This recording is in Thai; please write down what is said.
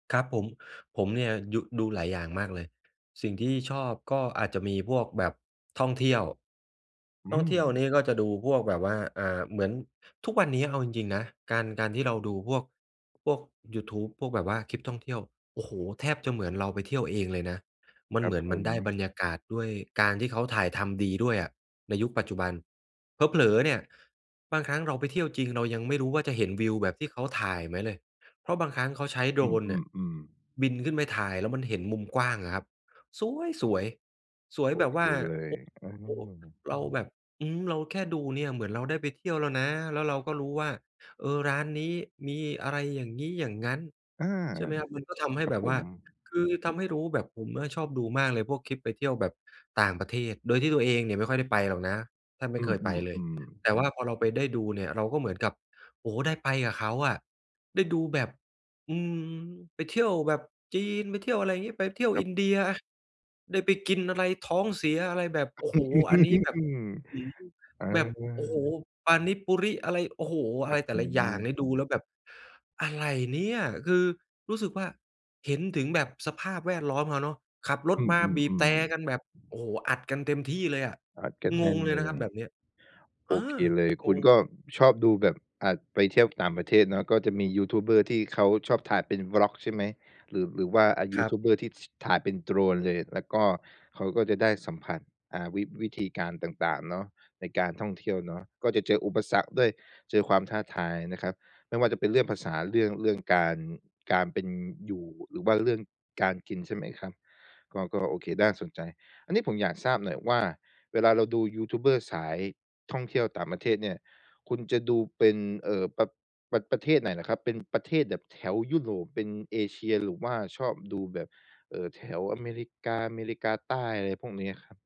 ครับผม ผมเนี่ยยุ ดูหลายอย่างมากเลย สิ่งที่ชอบก็อาจจะมีพวกแบบท่องเที่ยว อืท่องเที่ยวนม ี้ก็จะดูพวกแบบว่า อ่า เหมือน ทุกวันนี้เอาจริง ๆ นะ การ การที่เราดูพวก พวกยูทูบ พวกแบบว่าคลิปท่องเที่ยว โอ้โฮ! แทบจะเหมือนเราไปเที่ยวเองเลยนะ มัคนรเัหมบือนผมันได้บม รรยากาศ ด้วยการที่เขาถ่ายทำดีด้วยอะ ในยุคปัจจุบัน เผลอ ๆ เนี่ย บางครั้งเราไปเที่ยวจริงเรายังไม่รู้ว่า จะเห็นวิวแบบที่เขาถ่ายไหมเลย เพราะบางครั้งเขาใช้ อืDrone เนี่ย อ ๆ ๆ บินขึ้นไปถ่ายแล้วมันเห็นมุมกว้างอะครับ ส๊วยสวย สวยโอแบบเคว่า เลย โอ อโอ้ า เราแบบ อืม เราแค่ดูเนี่ย เหมือนเราได้ไปเที่ยวแล้วนะ แล้วเราก็รู้ว่า เออ ร้านนี้มีอะไรอย่างงี้อย่างงั้น อา ใช่ไหมครับ มันก็ทำให้ครัแบบบผว่า ม คือทำให้รู้แบบผมอะชอบดูมากเลยพวกคลิปไปเที่ยวแบบต่างประเทศ โดยที่ตัวเองเนี่ยไม่ค่อยได้ไปหรอกนะ แทบไมอ่ืเคยไปเลย อ ๆ ๆ แต่ว่าพอเราไปได้ดูเนี่ย เราก็เหมือนกับ โอ้โฮ ได้ไปกับเขาอะ ได้ดูแบบ อืม ไปเที่ยวแบบจีน ไปเที่ยวอะไรงี้ ไปเที่ยวครัอบ ินเดียอะ ได้ไปกินอะไร ท้องเสีย อะไรแบบ โอ้โฮ! อันนี้แบบ อือ อา แบบ โอ้โฮ! Panipuri อะไร โอ้โฮ! คอระัไรบแตผ่ละอย่างเนีม ่ยดูแล้วแบบ อะไรเนี่ย อ คือรู้สึกว่า เห็นถึงแบบสภาพแวดล้อมเขาเนาะ ขับรถอืมาบีบแตรอ ๆ ๆ กันแบบ โอ้โฮ! อัดกันเต็มที่เลยอะ อัดกันงแน่งนเลเยลนะครับย แบบเนี้ย โออา เคเลย คงุณง ก็ชอบดูแบบ อ่า ไปเที่ยวต่างประเทศเนาะ ก็จะมียูทูบเบอร์ที่เขาชอบถ่ายเป็น Vlog ใช่ไหม? หรือ หรือว่า อ่า ยคูรับ ทูบเบอร์ที่ ช ถ่ายเป็น Drone เลย? แล้วก็เขาก็จะได้สัมผัส อ่า วิ วิธีการต่าง ๆ เนาะ ในการท่องเที่ยวเนาะ ก็จะเจออุปสรรคด้วย เจอความท้าทายนะครับ ไม่ว่าจะเป็นเรื่องภาษา เรื่อง เรื่องการ การเป็นอยู่ หรือว่าเรื่องการกินใช่ไหมครับ? ก็ ก็โอเค น่าสนใจ อันนี้ผมอยากทราบหน่อยว่า เวลาเราดูยูทูบเบอร์สายท่องเที่ยวต่างประเทศเนี่ย คุณจะดูเป็น เอ่อ ปะ ปะ ประเทศไหนเหรอครับ? เป็นประเทศแบบแถวยุโรป เป็นเอเชีย หรือว่าชอบดูแบบ เอ่อ แถวอเมริกา อเมริกาใต้ อะไรพวกนี้อะครับ?